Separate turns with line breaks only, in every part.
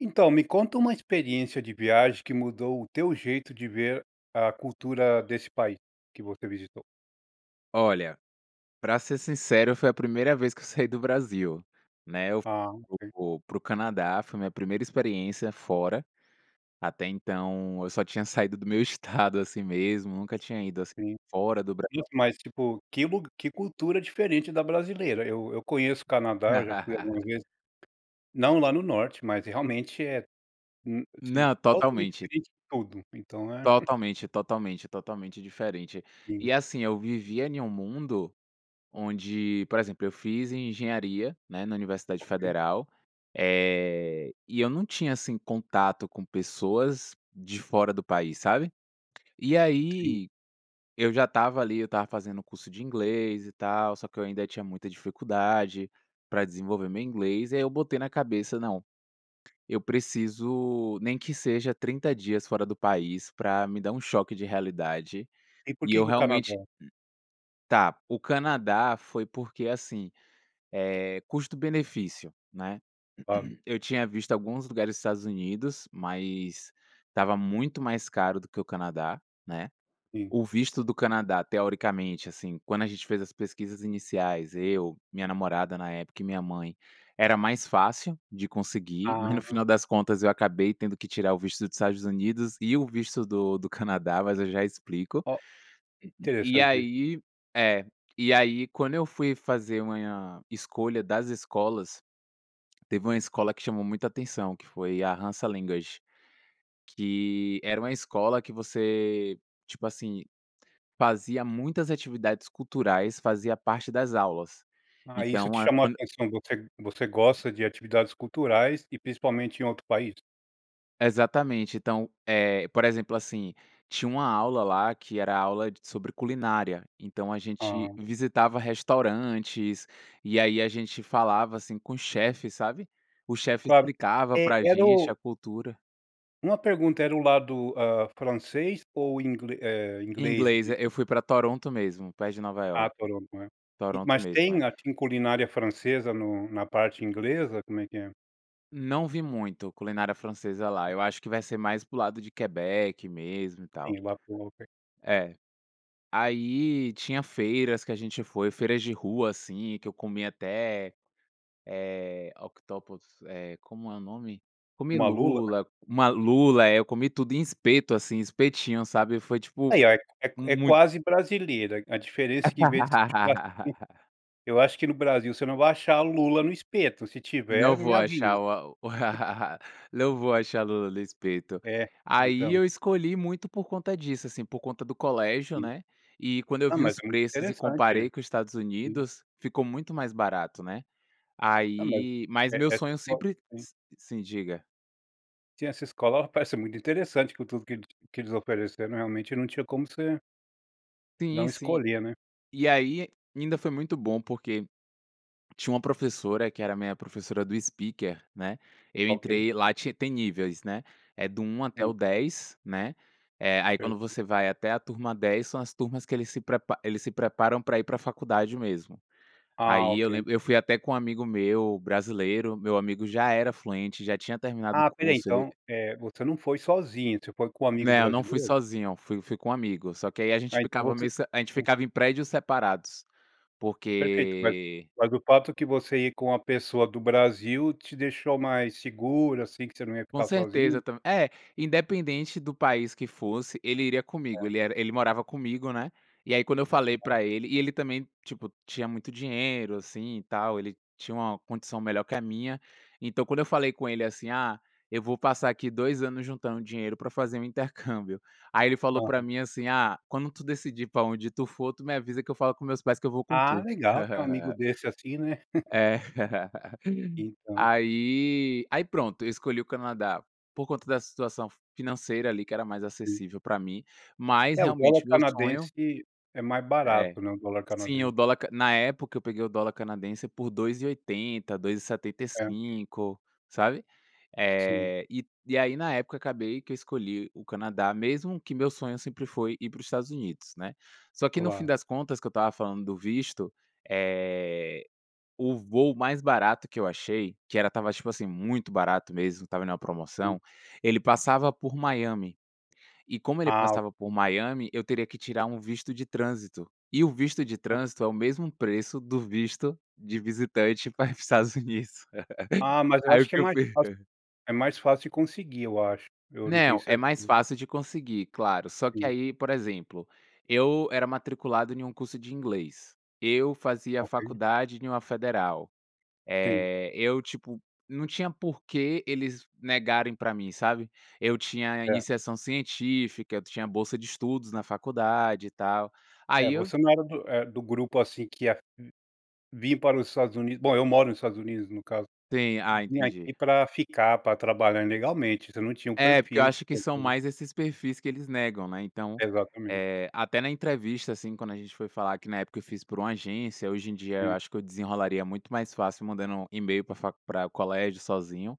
Então me conta uma experiência de viagem que mudou o teu jeito de ver a cultura desse país que você visitou.
Olha, pra ser sincero foi a primeira vez que eu saí do Brasil. Né. Eu
A
fui
ok.
para o para o Canadá. Foi minha primeira experiência fora, até então eu só tinha saído do meu estado assim mesmo, nunca tinha ido assim
Sim,
fora do Bra
isso mas tipo, que lu que cultura diferente da brasileira. Eu eu conheço o Canadá, eu já fui algumas vezes, não lá no norte, mas realmente é n assim,
Não,
totalmente
totalmente.
diferente de tudo, então né.
Totalmente, totalmente, totalmente diferente.
Sim.
E assim, eu vivia em um mundo, onde por exemplo eu fiz em engenharia, né, na universidade
Ok.
federal, eh, e eu não tinha assim contato com pessoas de fora do país sabe? E
Sim.
aí, eu já estava ali, eu estava fazendo curso de inglês e tal, só que eu ainda tinha muita dificuldade pra desenvolver meu inglês. E aí eu botei na cabeça "não, eu preciso nem que seja 30 dias fora do país para me dar choque de realidade,
E por
e
quê
eu
que o
realmente",
carnaval?
o Canadá foi porque assim, é custo benefício, né.
Claro.
Eu tinha visto alguns lugares dos Estados Unidos, mas estava muito mais caro do que o Canadá, né,
Sim.
o visto do Canadá teoricamente assim, quando a gente fez as pesquisas iniciais eu, minha namorada na época e minha mãe, era mais fácil de conseguir, mas no
Ah.
final das contas eu acabei tendo que tirar o visto do Estados Unidos e o visto do do Canadá mas eu já explico.
Ó,
E
interessante isso.
aí, é e aí quando eu fui fazer a minha escolha das escolas, teve uma escola que chamou muita atenção que foi a Hansa Language, que era uma escola que você, tipo assim, fazia muitas atividades culturais fazia parte das aulas.
Ah, isso te
Então a
chamou
quando
atenção, você você gosta de atividades culturais e principalmente em outro país?
Exatamente! Então, eh, por exemplo, assim, tinha uma aula lá, que era aula d sobre culinária, então a gente
Hã.
visitava restaurantes, e aí, a gente falava, assim, com chefes, sabe. O chefe
Claro!
explicava
É,
pra
era
gente
o
a cultura.
uma pergunta: era o lado, hã, francês ou ingle eh,
Em
inglês
inglês,
de
é. Eu fui pra Toronto mesmo, perto de Nova
Ah,
Iorque.
Toronto, né? E,
Toronto
mas
mesmo,
tem,
é.
assim, culinária francesa no na parte inglesa? Como é que é?
Não vi muito culinária francesa lá. Eu acho que vai ser mais para o lado de Quebec mesmo e tal.
Sim, lá tu não tem.
É. Aí, tinha feiras que a gente foi. Feiras de rua, assim, que eu comi até eh, octopus, eh, como é o nome? Comi
Uma lula?
lula! Uma lula, é, eu comi tudo, em espeto assim, espetinho sabe? Foi tipo,
Ai, ó! É é q é q é
muito
quase brasileira. A diferença é que, em vez de ser churrasquinho Eu acho que, no Brasil, você não vai achar o Lula no espeto. Se
Não
tiver, me
vou
avisa.
achar o a. Não vou achar Lula no espeto.
É,
Aí,
então.
eu escolhi muito por conta disso, assim, por conta do colégio,
Sim.
né, e quando eu
Ah,
vi
mas
os
é muito
preços e
interessante.
comparei com os Estados
Sim.
Unidos, ficou muito mais barato, né?
Ah, mas
Aí Mas
É,
meu
essa
sonho
só
sempre
se
Sim, diga.
Sim, essa escola parece muito interessante com tudo que eles que eles ofereceram, realmente não tinha como você
Sim,
não
sim.
escolher, né.
E aí, ainda foi muito bom, porque tinha uma professora que era minha professora do speaker, né. Eu
Ok.
entrei lá, tinha tem níveis, né. É do 1 até
Hum.
o 10, né. Eh, aí, quando
Certo.
você vai até a turma 10, são as turmas que eles se eles se prepa eles se preparam para ir para a faculdade mesmo.
Ah,
Aí eu
ok.
lembro, eu fui até com amigo meu brasileiro, meu amigo já era fluente, já tinha terminado o
Ah, espera aí,
curso, ele
então, eh, você não foi sozinho, você foi com um amigo
Não, não fui
brasileiro?
sozinho, fui fui com um amigo, só que aí a gente
Aí, então,
ficava
você,
meio se a gente
hum
ficava em prédios separados,
Perfeito, mas
porque
mas o fato que você ir com uma pessoa do Brasil te deixou mais seguro, assim, que você não ia
Com
ficar sozinho?
certeza, tamb é independente do país que fosse, ele iria comigo,
É.
ele era ele morava comigo, né. E aí, quando eu falei
Aham.
pra ele e ele também, tipo, tinha muito dinheiro, assim e tal, ele tinha uma condição melhor que a minha, então, quando eu falei com ele, assim: "Ah, eu vou passar aqui 2 anos juntando dinheiro para fazer um intercâmbio". Aí ele falou para
Aham.
mim, assim: "Ah, quando tu decidir pra onde tu for, tu me avisa que eu falo com meus pais que eu vou com
Ah,
tu".
legal ter um amigo desse, assim, né.
É.
Então.
Aí aí pronto, eu escolhi o Canadá, por conta da situação financeira ali que era mais
Sim.
acessível para mim, mas
É, o dólar
realmente meu sonho
canadense é mais
É,
barato, né, o dólar
sim, o
canadense.
dólar na época, eu peguei o dólar canadense por 2,80, dois e setenta e
É.
cinco, sabe.
Sim.
Eh, e e aí, na época, acabei que escolhi o Canadá, mesmo que o meu sonho sempre foi ir para os Estados Unidos, né. Só que, no fim
Claro.
das contas, que eu estava falando do visto, eh, o voo mais barato que eu achei, que era estava assim, tipo, muito barato mesmo, ele tava na
Hum.
promoção, ele passava por Miami. E, como ele
Ah, o
passava por Miami, eu teria que tirar um visto de trânsito, e o visto de trânsito é o mesmo preço do visto de visitante para ir para os Estados Unidos.
Ah, mas eu
Aí
acho
o
que é
que eu
mais
fi
fácil é mais fácil conseguir, eu acho, eu não tenho
Não, é mais
certeza.
fácil de conseguir, claro, só que,
Sim.
aí, por exemplo, eu era matriculado em um curso de inglês. Eu fazia
Ok.
faculdade em uma federal.
Sim.
Eh, eu, tipo, não tinha por que eles negarem pra mim, sabe. Eu tinha
Certo.
iniciação científica, eu tinha bolsa de estudos na faculdade e tal.
É,
Aí eu
você não era do eh, do grupo, assim, que ia vir para os Estados Unidos bom, eu moro nos Estados Unidos no caso,
Sim, ah,
vir aqui
entendi.
para ficar, para trabalhar ilegalmente, você não tinha o
É, porque eu
perfil
acho que são
[unintelligible]
mais esses perfis que eles negam, né, então,
Exatamente.
eh, até na entrevista, assim, quando a gente foi falar, que na época eu fiz por uma agência, hoje em dia eu
Sim.
acho que eu desenrolaria muito mais fácil mandando email para a faculd para o colégio sozinho,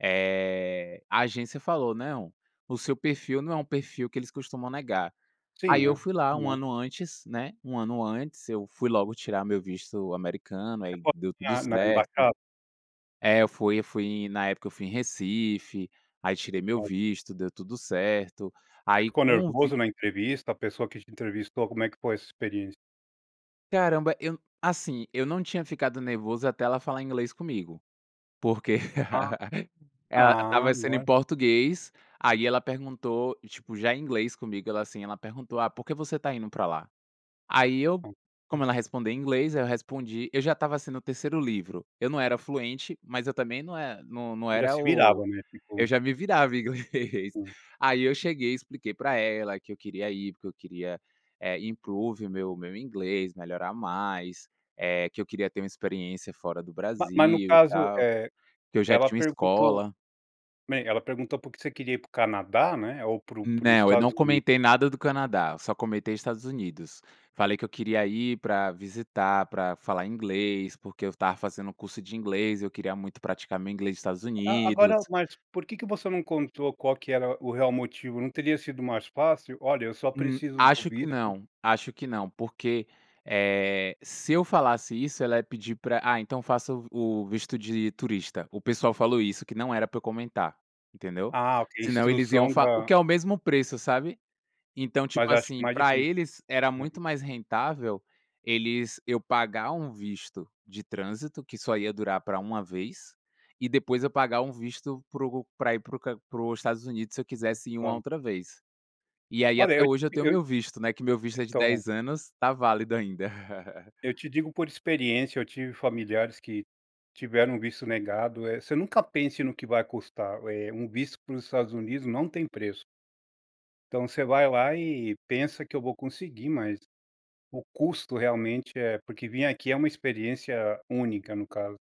eh, a agência falou: "Não, o seu perfil não é um perfil que eles costumam negar". Aí
Sim,
eu
é
fui lá 1
normal.
ano antes, né, 1 ano antes, eu fui logo tirar meu visto americano,
Você
aí
foi
deu tudo
lá na
certo.
embaixada?
É, eu eu fui, na época, eu fui em Recife, aí tirei meu
[unintelligible]
visto, deu tudo certo. Aí
Ficou
com o vi
nervoso na entrevista? A pessoa que te entrevistou, como é que foi essa experiência?
Caramba, eu, assim, eu não tinha ficado nervoso até ela falar inglês comigo, porque
Ah,
ela
ah,
estava sendo em
agora
português, aí ela perguntou, tipo, já em inglês comigo, ela, assim, ela perguntou: "Ah, por que você está indo para lá?" Aí eu,
[unintelligible]
como ela respondia em inglês, aí eu respondi eu já estava sendo o 3º livro, eu não era fluente, mas eu também não é não não
Já
era
se virava
o
mesmo, que
eu
bom.
já me virava, inglês.
Hum.
Aí eu cheguei e expliquei pra ela que eu queria ir porque eu queria, eh, improve o meu meu inglês, melhorar mais, eh, que eu queria ter uma experiência fora do
Ma mas no
Brasil e
caso,
tal,
eh,
que eu já
ela
tinha uma
perguntou,
escola.
né, ela perguntou porque você queria ir para o Canadá, né, ou para para os
Não, eu
Estados
não
Unidos?
comentei nada do Canadá, só comentei Estados Unidos. Falei que eu queria ir pra visitar, pra falar inglês, porque eu estava fazendo curso de inglês e eu queria muito praticar meu inglês nos Estados
A agora,
Unidos.
mas por que que você não contou qual que era o real motivo? Não teria sido mais fácil? "Olha, eu só
Hum,
preciso do
acho que
visto"
não, acho que não, porque, eh, se eu falasse isso, ela ia pedir pra "Ah, então faça o v o visto de turista". O pessoal falou isso, que não era pra eu comentar, entendeu?
Ah, ok.
Senão, eles iam
Instrução
fal por
da
que é o mesmo preço, sabe. Então,
Mas
tipo,
acho que
assim,
mais
para
difícil,
eles era
né.
muito mais rentável, eles eu pagar um visto de trânsito, que só ia durar pra 1 vez, e depois eu pagar um visto para o para ir para o Can para ir para os Estados Unidos, se eu quisesse ir uma
Claro.
outra vez. E aí,
Olha
até
eu
hoje, eu tenho o
eu,
meu visto, né, que meu visto é de
então.
10 anos, tá válido ainda.
Eu te digo por experiência, eu tive familiares que tiveram o visto negado, eh, você nunca pense no que vai custar, eh, um visto para os Estados Unidos não tem preço. Então, você vai lá e pensa: "Que eu vou conseguir", mas o custo, realmente, é porque vir aqui é uma experiência única no caso.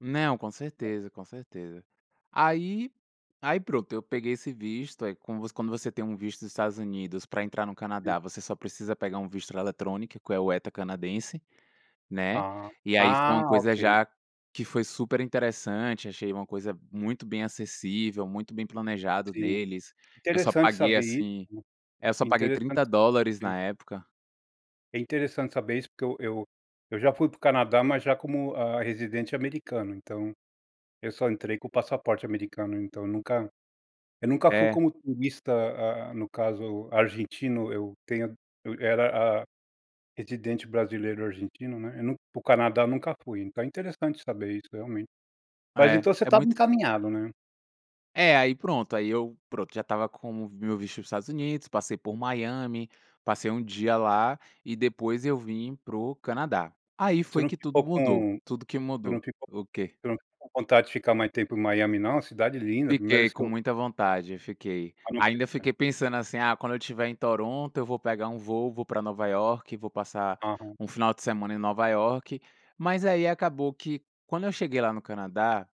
Não, com certeza, com certeza. Aí aí pronto, eu peguei esse visto, aí como você quando você tem um visto dos Estados Unidos pra entrar no
Sim.
Canadá, você só precisa pegar um visto eletrônico que é o ETA canadense, né?
Ah,
E aí foi
ah,
uma coisa
ok.
já que foi superinteressante, achei uma coisa muito bem acessível, muito bem planejado
Sim.
deles. Eu só
Interessante
paguei
saber isso,
assim É, eu só
né,
paguei
interessante
$30
saber.
na época.
É interessante saber isso, porque eu eu eu já fui pro Canadá, mas já como, hã, residente americano. Então, eu só entrei com o passaporte americano, então nunca eu nunca fui
É?
como turista, hã, no caso argentino. Eu tenho a eu era, hã, residente brasileiro argentino, né. Eu nun para o Canadá eu nunca fui. Então, é interessante saber isso realmente. Mas,
É,
então, você
é
estava
muito
encaminhado, né?
É, aí pronto, aí eu pronto, já estava como meu visto dos Estados Unidos, passei por Miami, passei 1 dia lá, e depois eu vim pro Canadá. Aí
Você
foi
não
que tudo
ficou
mudou,
com
tudo que
você não
mudou.
ficou
O quê?
você não ficou com vontade de ficar mais tempo em Miami não? A cidade linda, primeira
Fiquei
vez que
com
eu
muita vontade, fiquei. Ainda
[unintelligible]
fiquei pensando assim: "Ah, quando eu tiver em Toronto, eu vou pegar um voo, vou pra Nova Iorque, vou passar
Aham.
um final de semana em Nova Iorque", mas aí acabou que quando eu cheguei lá no Canadá,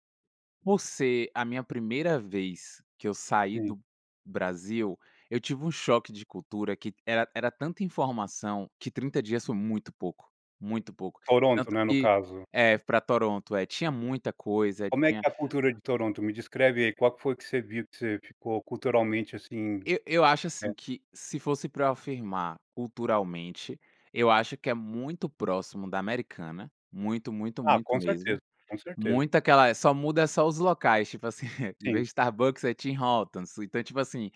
por ser a minha primeira vez que eu saí
Sim.
do Brasil, eu tive um choque de cultura que era era tanta informação que 30 dias foi muito pouco, muito pouco.
Toronto,
Tanto
né, no
que
caso?
É, pra Toronto, é. Tinha muita coisa,
Como é que
tinha
é a cultura de Toronto? Me descreve aí qual que foi que você viu que você ficou culturalmente assim
Eu eu acho
É.
assim que, se fosse pra eu afirmar culturalmente, eu acho que é muito próximo da americana, muito, muito,
Ah,
muito
com certeza,
mesmo,
com certeza.
muita aquela É, só muda é só os locais, tipo assim, em vez
Sim.
de Starbucks é Team Hortons, ou, então, tipo assim,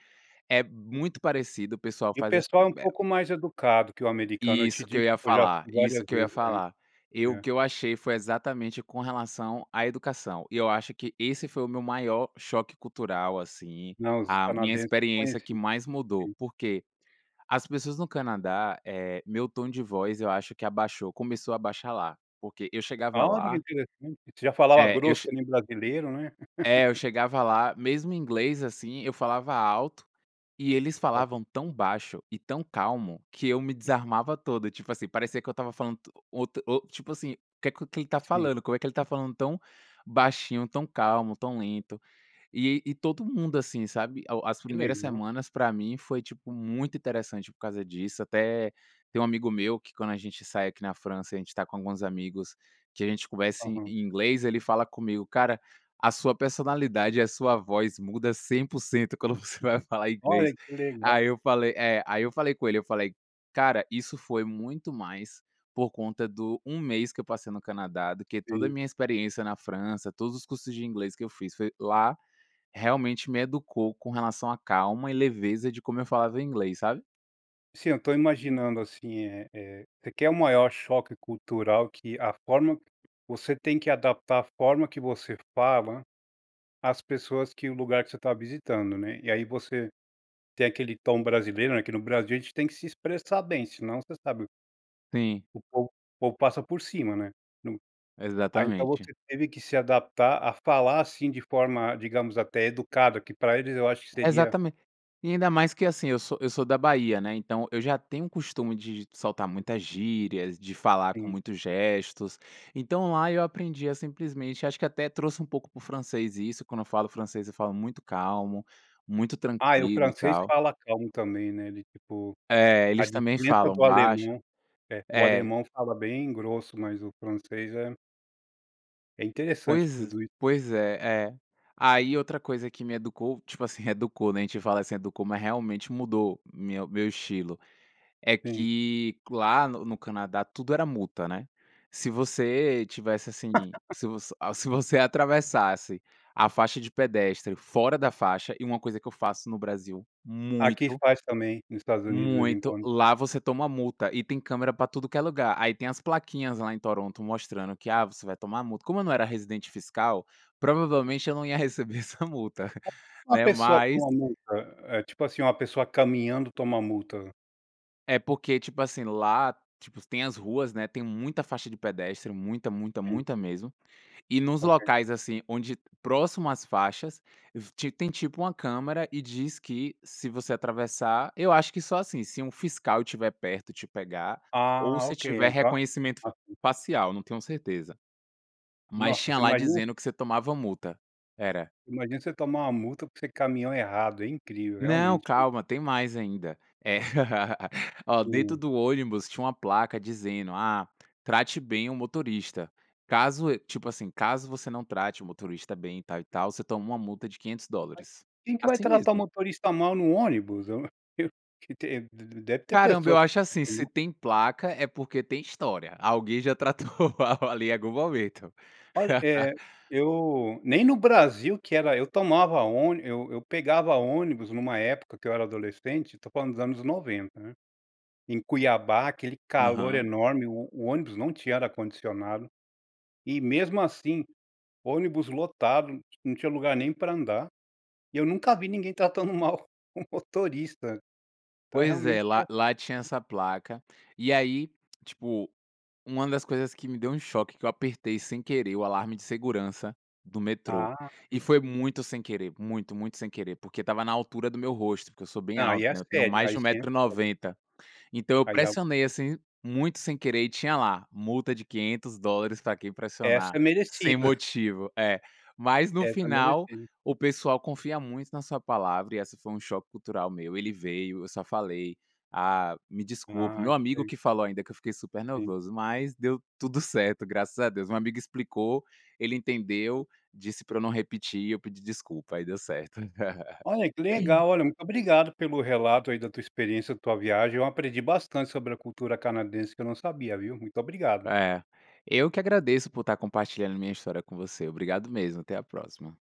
é muito parecido, o pessoal
E o
faz as
pessoal é um
[unintelligible]
pouco mais educado que o americano. Eu te
Isso que
digo,
eu ia
porque eu já
falar,
fui
isso
várias
que eu ia
vezes.
falar.
É,
E o
é.
que eu achei foi exatamente com relação à educação. E eu acho que esse foi o meu maior choque cultural, assim,
Não, os
a minha
canadenses não
experiência que
conheciam.
mais mudou,
Sim.
por quê? As pessoas no Canadá, eh meu tom de voz eu acho que abaixou, começou a baixar lá. Porque eu chegava
Olha que
lá
interessante! Você já falava
É, eu
grosso
che
que nem brasileiro, né?
É, eu chegava lá, mesmo em inglês, assim, eu falava alto, e eles
O
falavam tão baixo e tão calmo que eu me desarmava todo. Tipo assim, parecia que eu estava falando to um outo ou, tipo assim: “O que que ele está
Sim.
falando? Como é que ele está falando tão baixinho, tão calmo, tão lento?” E e todo mundo assim, sabe. A o as
Que
primeiras
legal.
semanas, pra mim, foi tipo muito interessante por causa disso. Até tem um amigo meu que, quando a gente sai aqui na França e a gente está com alguns amigos, que a gente conversa em
Aham.
inglês, ele fala comigo: “Cara, a sua personalidade e a sua voz muda 100% quando você vai falar inglês.”
Olha, que legal.
Aí eu falei É. Aí eu falei com ele, eu falei: “Cara, isso foi muito mais por conta do 1 mês que eu passei no Canadá do que toda a
Sim.
minha experiência na França, todos os cursos de inglês que eu fiz. Foi lá, realmente, me educou com relação à calma e leveza de como eu falava inglês", sabe?
Sim, eu tô imaginando assim, eh eh, requer um maior choque cultural que a forma você tem que adaptar a forma que você fala às pessoas que o lugar que você tá visitando, né. E aí, você tem aquele tom brasileiro né, que no Brasil a gente tem que se expressar bem, senão você sabe
Sim.
o povo o povo passa por cima, né, então aí então
Exatamente.
você teve que se adaptar a falar assim de forma, digamos, até educada que pra eles eu acho seria
Exatamen e ainda mais que assim, eu sou eu sou da Bahia né, então eu já tenho o costume de de soltar muitas gírias, de falar com
Sim.
muitos gestos, então lá eu aprendi a simplesmente acho que até trouxe um pouco para o francês isso, quando eu falo francês eu falo muito calmo, muito
Ai o
tranquilo e
francês
tal.
fala calmo também né? Do tipo
É
a
eles também
diferença
falam
do
baixo,
alemão é, o
é.
alemão fala bem grosso, mas o francês é É interessante
Pois
tudo i
pois é, é. Aí outra coisa que me educou, tipo assim, reeducou né, a gente fala assim “educou”, mas realmente mudou meu meu estilo. É
Sim.
que lá no no Canadá tudo era multa, né, se você estivesse assim se você a se você atravessasse a faixa de pedestre fora da faixa, e é uma coisa que eu faço no Brasil,
Aqui
muito
faz também nos Estados Unidos, de vez em
muito,
quando
lá você toma multa e tem câmera pra tudo que é lugar, aí tem as plaquinhas lá em Toronto mostrando que "ah, você vai tomar multa", como eu não era residente fiscal, provavelmente eu não ia receber essa multa,
Uma
né,
pessoa
mas
toma multa? É, tipo assim, uma pessoa caminhando toma multa?
É porque tipo assim lá, tipo, tem as ruas, né, tem muita faixa de pedestre muita, muita,
Sim.
muita mesmo, e nos
Ok.
locais assim onde próximo às faixas, vi ti tem tipo uma câmera e diz que se você atravessar, eu acho que só assim, se um fiscal estiver perto e te pegar, ou
Ah
se
ok, eh,
tiver
então
reconhecimento
Ah, sim.
facial não tenho certeza. Mas
Nossa
tinha
você
lá
imagina
dizendo que você tomava multa. Era.
imagina você tomar uma multa porque você caminhou errado, é incrível
Não,
realmente.
calma tem mais ainda. É ó, dentro
Sim.
do ônibus tinha uma placa dizendo “ah, trate bem o motorista”. Caso e tipo assim, caso você não trate o motorista bem e tal, e tal, você toma uma multa de quinhentos
Mas
dólares.
quem que vai
Assim
tratar o
mesmo.
motorista mal no ônibus? Eu q te de deve ter
Caramba,
pessoa
eu acho assim, se
[unintelligible]
tem placa é porque tem história. Alguém já tratou mal ali algum momento.
Olha, eh, eu nem no Brasil que era eu tomava ôni eu eu pegava ônibus numa época que eu era adolescente, tô falando dos anos 90, né. Em Cuiabá aquele calor
Aham.
enorme o o ônibus não tinha ar condicionado. E mesmo assim, ônibus lotado, não tinha lugar nem pra andar. E eu nunca vi ninguém tratando mal o motorista. Então é
Pois
realmente
é, lá lá tinha essa placa, e aí, tipo, uma das coisas que me deu um choque, que eu apertei sem querer o alarme de segurança do metrô,
Ah
e
sim.
foi muito sem querer, muito, muito sem querer, porque estava na altura do meu rosto, porque eu sou bem
Não, aí
alto
é
né, eu tenho
sério,
mais
aí
de 1
sim é
metro e
sério.
90. Então eu
Aí ao
pressionei assim, muito sem querer, e tinha lá “multa de $500 pra quem pressionar
Essa
sem
merecida.
motivo”, é. Mas no
Essa
final,
merecida.
o pessoal confia muito na sua palavra, e esse foi um choque cultural meu, ele veio, eu só falei: “Ah, me desculpa”,
Ah
meu
que
amigo
le
que falou ainda que eu fiquei super
Sim.
nervoso, mas deu tudo certo, graças a Deus. Uma amiga explicou, ele entendeu, disse pra eu não repetir e eu pedi desculpa, aí deu certo
Olha que legal, olha muito obrigado pelo relato aí da tua experiência da tua viagem, eu aprendi bastante sobre a cultura canadense que eu não sabia, viu? Muito obrigado.
É, eu que agradeço por tá compartilhando minha história com você, obrigado mesmo até à próxima.